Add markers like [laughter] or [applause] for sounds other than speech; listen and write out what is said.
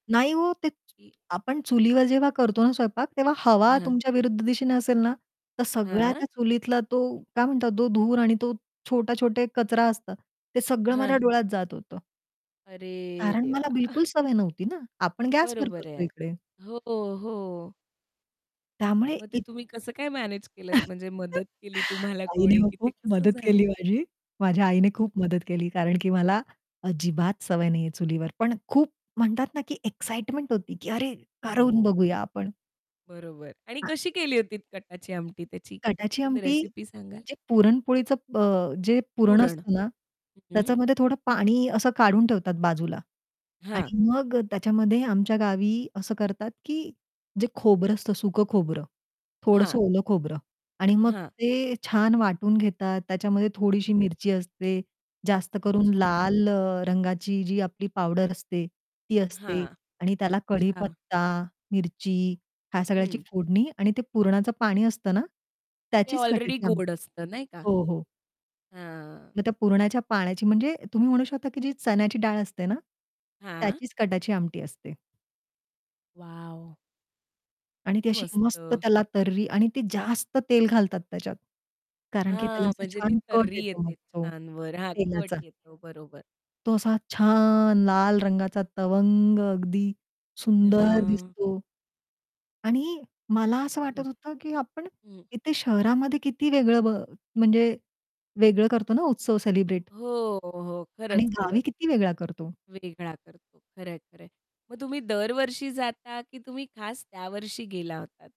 नाही ओ, ते की आपण चुलीवर जेव्हा करतो ना, स्वयंपाक तेव्हा हवा हां. तुमच्या विरुद्ध दिशेने असेल ना, तर सगळ्या हां. त्या चुलीतला तो काय म्हणतात तो धूर आणि तो छोटा-छोटा एक कचरा असतात, ते सगळं माझ्या हां. डोळ्यात जात होतं. अरे कारण देवा! मला बिलकुल [chuckles] सवय नव्हती ना, आपण गॅसवर बरोबर करतो आहे. इकडे. हो, हो. त्यामुळे मग ते इत तुम्ही कसं काय मॅनेज केलंत, म्हणजे [chuckles] मदत केली तुम्हाला आईने कोणी मग की ते खूप कसं मदत झालं? केली माझी. माझ्या आईने खूप मदत केली. कारण की मला अजिबात सवय नाही आहे चुलीवर, पण खूप म्हणतात ना, की एक्साइटमेंट होती, की अरे! करून हो. बघूया आपण. बरोबर. आणि [unintelligible] कशी केली होती कटाची आमटी त्याची कटाची पटकन आमटी रेसिपी सांगाल? जे पुरणपोळीचं ब जे पुरण पुरण. असतं ना, हं. त्याच्यामध्ये थोडं पाणी असं काढून ठेवतात बाजूला हां. आणि मग अ, त्याच्यामध्ये आमच्या गावी असं करतात, की जे खोबरं असतं सुकं खोबरं, थोडंसं हां. ओलं खोबरं आणि मग हां. ते छान वाटून घेतात, त्याच्यामध्ये थोडीशी मिरची असते, जास्त करून अच्छा. लाल अ, रंगाची जी आपली पावडर असते, ती असते हां, आणि त्याला अच्छा. कढीपत्ता, मिरची ह्या सगळ्याची हं. फोडणी आणि ते पुरणाचं पाणी असतं ना, ते त्याचीच ऑलरेडी कटाची आमटी गोड असतं नाही का? हो, हो. हां. मग त्या पुरण्याच्या पाण्याची म्हणजे तुम्ही म्हणू शकता, की जी चण्याची डाळ असते ना, हां. त्याचीच कटाची आमटी असते. वॉव! आणि ती किती अशी मस्त मस्त. त्याला तर्री आणि ती जास्त तेल घालतात त्याच्यात. कारण की त्याला हां, असा म्हणजे ती छान कट तर्री येतो मग येते तो छान वर. हां, कट तेलाचा. येतो. बरोबर. तो असा छान लाल रंगाचा तवंग अगदी सुंदर हां. दिसतो. आणि मला असं हं. वाटत होतं, की आपण हं. इथे शहरामध्ये किती वेगळं ब म्हणजे वेगळं करतो ना उत्सव सेलिब्रेट. हो, हो. आणि खरंच, गावी खरंच. किती वेगळा करतो. वेगळा करतो. खरंआहे, खरं आहे. मग तुम्ही दरवर्षी जाता, की तुम्ही खास त्यावर्षी गेला होतात?